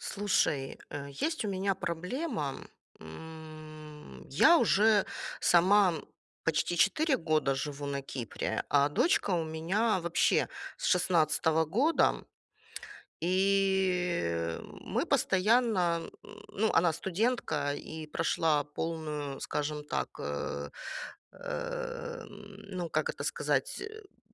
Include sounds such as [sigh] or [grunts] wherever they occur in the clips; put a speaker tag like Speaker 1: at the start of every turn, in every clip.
Speaker 1: Слушай, э, есть у меня проблема, м. Я уже сама, почти 4 года живу на Кипре, а дочка у меня вообще с 16 года. И мы постоянно, ну, она студентка и прошла полную, скажем так, э, эм, ну, как это сказать, э [grunts]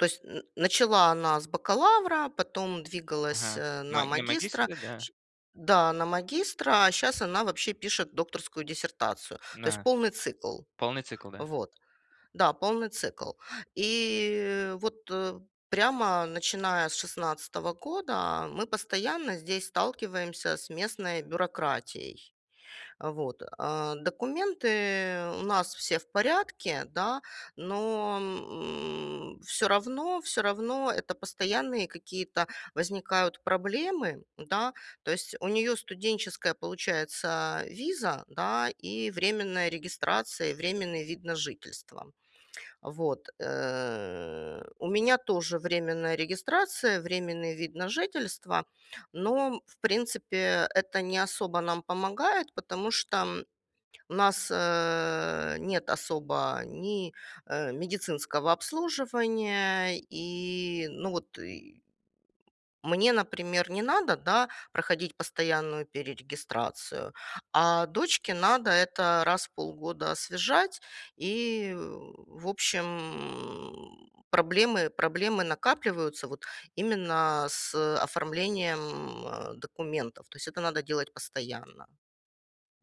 Speaker 1: То есть н начала она с бакалавра, потом двигалась,
Speaker 2: Ага.
Speaker 1: э,
Speaker 2: На
Speaker 1: на
Speaker 2: на
Speaker 1: магистра
Speaker 2: магистре, да.
Speaker 1: ш Да, на магистра, а щас она вообще пишет докторскую диссертацию. То есть
Speaker 2: Да.
Speaker 1: полный цикл.
Speaker 2: Полный цикл, да.
Speaker 1: Вот. Да, полный цикл. И вот, э, прямо начиная с 16 года мы постоянно здесь сталкиваемся с местной бюрократией. Вот, а. Документы у нас все в порядке, да, но, м, всё равно всё равно это постоянные какие-то возникают проблемы, да, то есть у неё студенческая получается виза, да, и временная регистрация, и временный вид на жительство. Вот, э, у меня тоже временная регистрация, временный вид на жительство. Но, в принципе, это не особо нам помогает, потому что у нас, э, нет особо ни, э, медицинского обслуживания, и, ну вот, и Мне, например, не надо, да, проходить постоянную перерегистрацию, а дочке надо это раз в полгода освежать и, в общем, проблемы проблемы накапливаются вот именно с, э, оформлением, а, документов. То есть, это надо делать постоянно.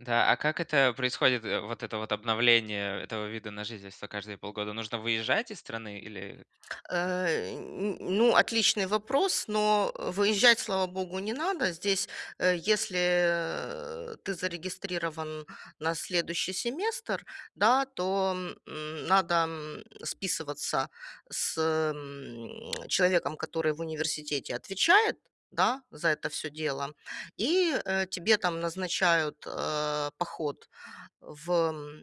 Speaker 2: Да. А как это происходит, э, вот это вот обновление этого вида на жительство каждые полгода? Нужно выезжать из страны или
Speaker 1: Э, н н ну, отличный вопрос. Но выезжать, слава богу, не надо. Здесь, э, если ты зарегистрирован на следующий семестр, да, то, м, надо, м, списываться с, м, человеком, который в университете отвечает, да, за это всё дело, и, э, тебе там назначают, э, поход в эм,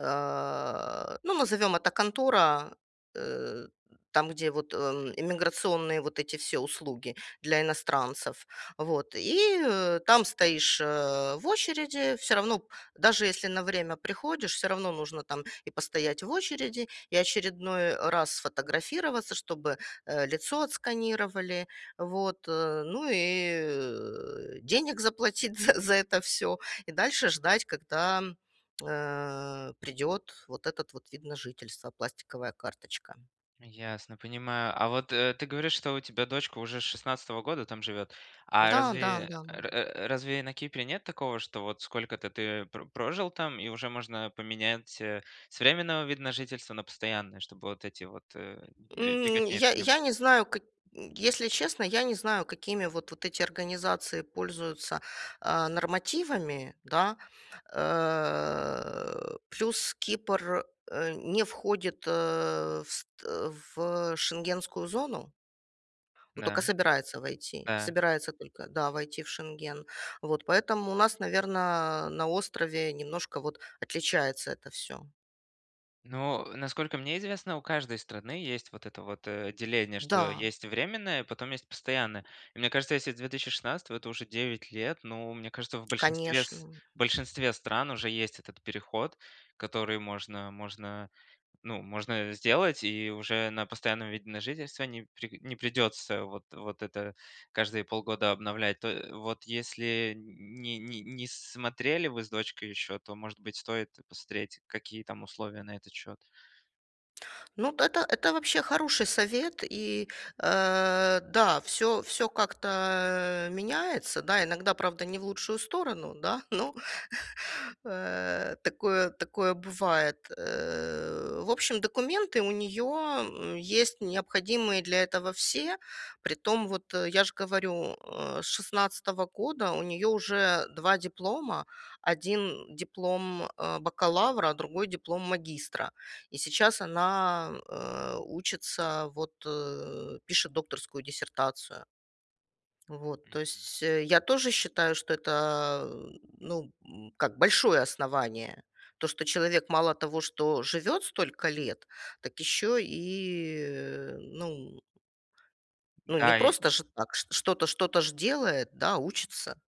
Speaker 1: э, ну, назовем это контора, э, там, где вот, э, иммиграционные вот эти все услуги для иностранцев. Вот. И там стоишь, э, в очереди. Всё равно, даже если на время приходишь, всё равно нужно там и постоять в очереди, и очередной раз сфотографироваться, чтобы, э, лицо отсканировали. Вот. Ну и, э, денег заплатить за за это всё, и дальше ждать, когда, э, придет вот этот вот вид на жительство, пластиковая карточка.
Speaker 2: Ясно, понимаю, а вот, э, ты говоришь, что у тебя дочка уже с 16 года там живет, а
Speaker 1: Да-да,
Speaker 2: разве,
Speaker 1: н-да.
Speaker 2: э, р э разве на Кипре нет такого, что вот сколько-то ты про прожил там и уже можно поменять, э, с временного вида на жительство на постоянное, чтобы вот этой вот, э, б
Speaker 1: М,
Speaker 2: беготни
Speaker 1: я
Speaker 2: этой не
Speaker 1: я
Speaker 2: было?
Speaker 1: не знаю, как если честно, я не знаю, какими вот вот эти организации пользуются, а, нормативами, да. Э, плюс Кипр, э, не входит, э, в ст э, в, э, Шенгенскую зону. Но
Speaker 2: Н-да.
Speaker 1: только собирается войти.
Speaker 2: Да.
Speaker 1: Собирается только, да, войти в Шенген. Вот. Поэтому у нас, наверно, на острове немножко, вот, отличается это всё.
Speaker 2: Ну, насколько мне известно, у каждой страны есть вот это вот, э, деление, что
Speaker 1: Да.
Speaker 2: есть временное, потом есть постоянное. И мне кажется, если с 2016 это уже 9 лет, ну, мне кажется, в большинстве с
Speaker 1: Конечно.
Speaker 2: в большинстве стран уже есть этот переход, который можно можно, ну, можно сделать и уже на постоянном виде на жительство не при не придется вот вот это каждые полгода обновлять. То, вот если не не не с смотрели вы с дочкой ещё, то, может быть, стоит посмотреть, какие там условия на этот счёт.
Speaker 1: Ну, д это это вообще хороший совет. И, э, да, всё всё как-то меняется, да. Иногда, правда, не в лучшую сторону, да. Но, [chuckles] э, такое такое бывает, э. В общем, документы у неё есть необходимые для этого все. Притом, вот, я же говорю, э, с 16 года у неё уже 2 диплома. Один диплом, э, бакалавра, другой диплом магистра. И сейчас она, э, учится, вот, э, пишет докторскую диссертацию. Вот, то
Speaker 2: Мгм.
Speaker 1: есть, я тоже считаю, что это, ну, м, как, большое основание. То, что человек мало того, что живет столько лет, так еще и ну Ну, не
Speaker 2: Да, и
Speaker 1: просто же так, что что-то ж делает, да, учится.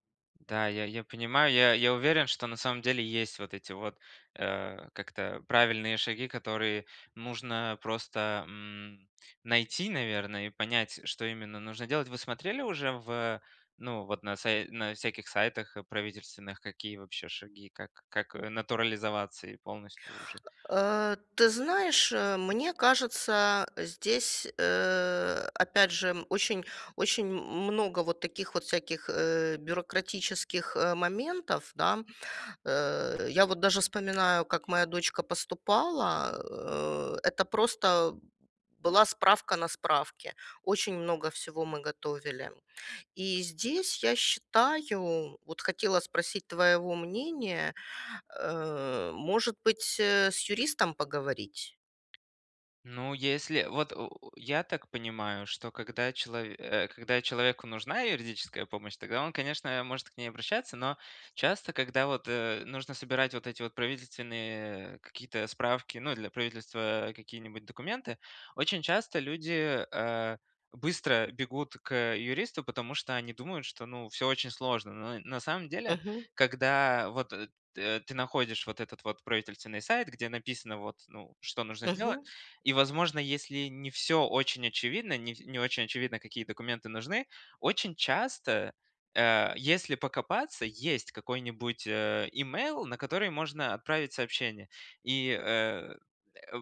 Speaker 2: Да, я я понимаю, я я уверен, что на самом деле есть вот эти вот, э, как это, правильные шаги, которые нужно просто, м, найти, наверно, и понять, что именно нужно делать. Вы смотрели уже в, ну, вот на сай на всяких сайтах правительственных, какие вообще шаги, как как натурализоваться и полностью уже?
Speaker 1: [grunts] Э, ты знаешь, э, мне кажется, здесь, э, опять же очень очень много вот таких вот всяких, э, бюрократических моментов, да. Э, я вот даже вспоминаю, как моя дочка поступала. Э, это просто была справка на справке. Очень много всего мы готовили. И здесь я считаю, вот хотела спросить твоего мнения, э, может быть, э, с юристом поговорить?
Speaker 2: Ну, если, вот, в я так понимаю, что когда челов э, когда человеку нужна юридическая помощь, тогда он, конечно, может к ней обращаться, но часто, когда вот, э, нужно собирать вот эти вот правительственные, э, какие-то справки, ну, для правительства какие-нибудь документы, очень часто люди, э, быстро бегут к, э, юристу, потому что они думают, что, ну, всё очень сложно. Но на самом деле,
Speaker 1: Мгм.
Speaker 2: когда вот, э, т ты находишь вот этот вот правительственный сайт, где написано, вот, ну, что нужно сделать.
Speaker 1: Мгм.
Speaker 2: И, возможно, если не всё очень очевидно, не вс не очень очевидно, какие документы нужны, очень часто, э, если покопаться, есть какой-нибудь имейл, на который можно отправить сообщение. И, э,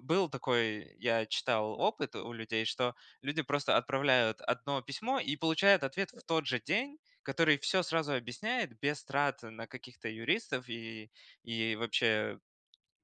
Speaker 2: был такой, я читал, опыт у людей, что люди просто отправляют 1 письмо и получают ответ в тот же день, который всё сразу объясняет без трат на каких-то юристов и и вообще,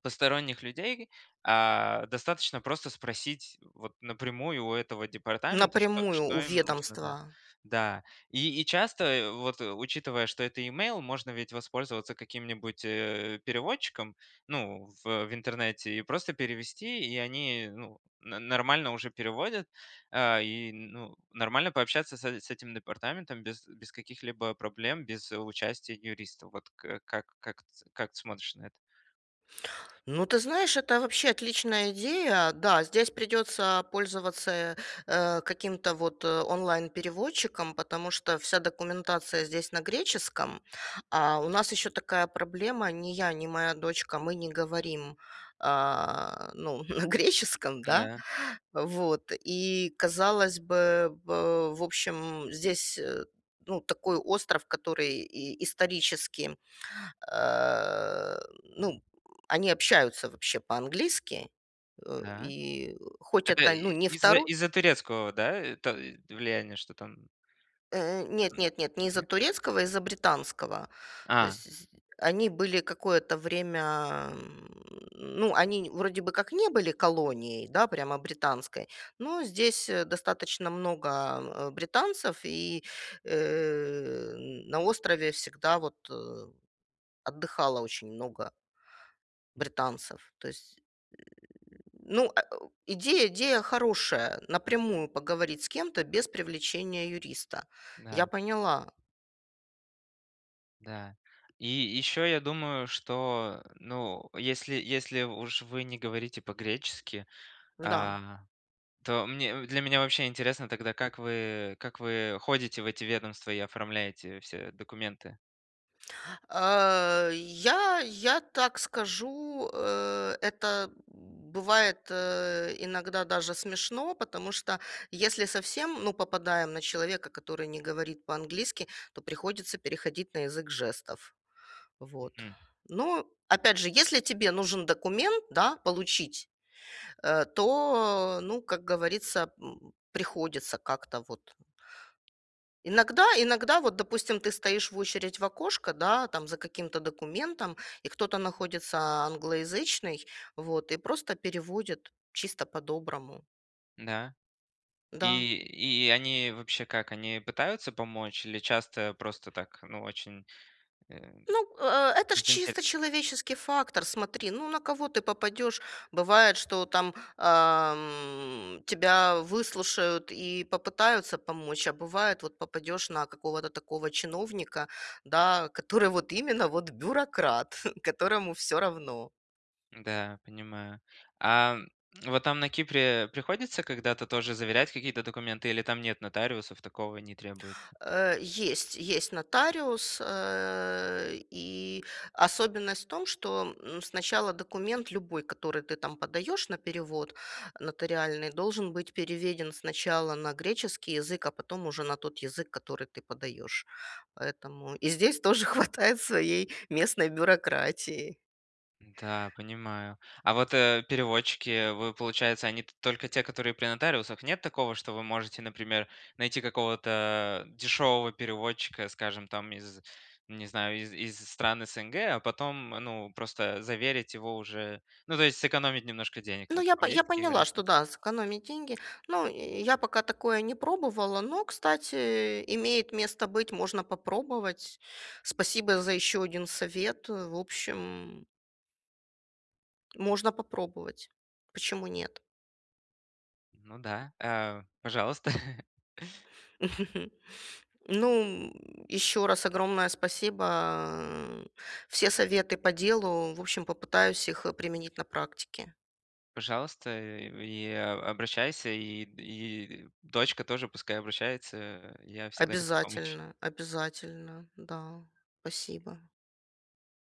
Speaker 2: посторонних людей. А, достаточно просто спросить, вот, напрямую у этого департамента, что
Speaker 1: Напрямую
Speaker 2: что
Speaker 1: у
Speaker 2: им нужно, да?
Speaker 1: ведомства.
Speaker 2: Да. И и часто, вот, учитывая, что это имейл, можно ведь воспользоваться каким-нибудь, э, переводчиком, ну, в в интернете и просто перевести, и они, ну, но нормально уже переводят. Э, и, ну, нормально пообщаться с э, с этим департаментом без без каких-либо проблем, без участия юриста. Вот как как как как ты смотришь на это?
Speaker 1: Ну, ты знаешь, это вообще отличная идея. Да, здесь придется пользоваться, э, каким-то вот онлайн-переводчиком, потому что вся документация здесь на греческом. А у нас еще такая проблема: ни я, ни моя дочка, мы не говорим, э, ну, на греческом, да.
Speaker 2: Да.
Speaker 1: Вот. И, казалось бы, в в общем, здесь, ну, такой остров, который и исторически, э, ну, они общаются вообще по-английски,
Speaker 2: Да.
Speaker 1: и хоть
Speaker 2: Это
Speaker 1: это, ну, не
Speaker 2: из
Speaker 1: второй
Speaker 2: из-за турецкого, да, влияния? Что там?
Speaker 1: Э, нет
Speaker 2: М,
Speaker 1: нет нет, не из-за
Speaker 2: не?
Speaker 1: турецкого, из-за британского. То
Speaker 2: А.
Speaker 1: есть они были какое-то время. Ну, они, н вроде бы как не были колонией, да, прямо британской, но здесь достаточно много британцев. И, э, на острове всегда, вот, отдыхало очень много
Speaker 2: Мгм.
Speaker 1: британцев, то есть, э Ну, идея идея хорошая напрямую поговорить с кем-то без привлечения юриста. Я
Speaker 2: Да.
Speaker 1: поняла.
Speaker 2: Да. И еще я думаю, что, э, ну, если если уж вы не говорите по-гречески,
Speaker 1: Да.
Speaker 2: а, то мне для меня вообще интересно тогда, как вы как вы ходите в эти ведомства и оформляете все документы?
Speaker 1: Э, я я так скажу, э, это бывает, э, иногда даже смешно, потому что если совсем, ну, попадаем на человека, который не говорит по-английски, то приходится переходить на язык жестов. Вот.
Speaker 2: Мгм.
Speaker 1: Ну, опять же, если тебе нужен документ, да, получить, э, то, ну, как говорится, м, приходится как-то вот. Иногда иногда, вот, допустим, ты стоишь в очередь в окошко, да, там за каким-то документом, и кто-то находится, англоязычный, вот, и просто переводит чисто по-доброму.
Speaker 2: Да.
Speaker 1: Да.
Speaker 2: И и они вообще как, они пытаются помочь или часто просто так, ну, очень, э,
Speaker 1: Ну, э это ж
Speaker 2: дзин-дзып.
Speaker 1: чисто человеческий фактор. Смотри, ну, на кого ты попадешь. Бывает, что там, эм, тебя выслушают и попытаются помочь, а бывает, вот, попадешь на какого-то такого чиновника, да, который вот именно, вот, бюрократ, которому всё равно.
Speaker 2: Да, понимаю. Ам, вот нам на Кипре, э, приходится когда-то тоже заверять какие-то документы, или там нет нотариусов, такого не требуют?
Speaker 1: Э, есть, есть нотариус, э, и особенность в том, что, м, сначала документ любой, который ты, там, подаешь на перевод нотариальный, должен быть переведен сначала на греческий язык, а потом уже на тот язык, который ты подаешь. Поэтому и здесь тоже хватает своей местной бюрократии.
Speaker 2: Да, понимаю. А, вот, э, переводчики, э, вы, получается, они т только те, которые при нотариусах? Нет такого, что вы можете, например, найти какого-то, э, дешевого переводчика, скажем, там, из, не знаю, из из стран СНГ, а потом, ну, просто заверить его уже, ну, то есть сэкономить немножко денег,
Speaker 1: Ну,
Speaker 2: вот так
Speaker 1: я по
Speaker 2: вот. Есть такие
Speaker 1: поняла,
Speaker 2: варианты?
Speaker 1: что да, сэкономить деньги. Ну, э, я пока такое не пробовала, но, кстати, э, имеет место быть, можно попробовать. Спасибо за еще один совет. В общем, м Можно попробовать, почему нет?
Speaker 2: Ну да. Э, пожалуйста. [chuckles]
Speaker 1: [chuckles] Ну, м, ещё раз огромное спасибо, а, все советы по делу. В общем, попытаюсь их, э, применить на практике.
Speaker 2: Пожалуйста, э, и э, обращайся, и и дочка тоже пускай обращается, э, я всегда готов помочь.
Speaker 1: Обязательно обязательно, да, спасибо.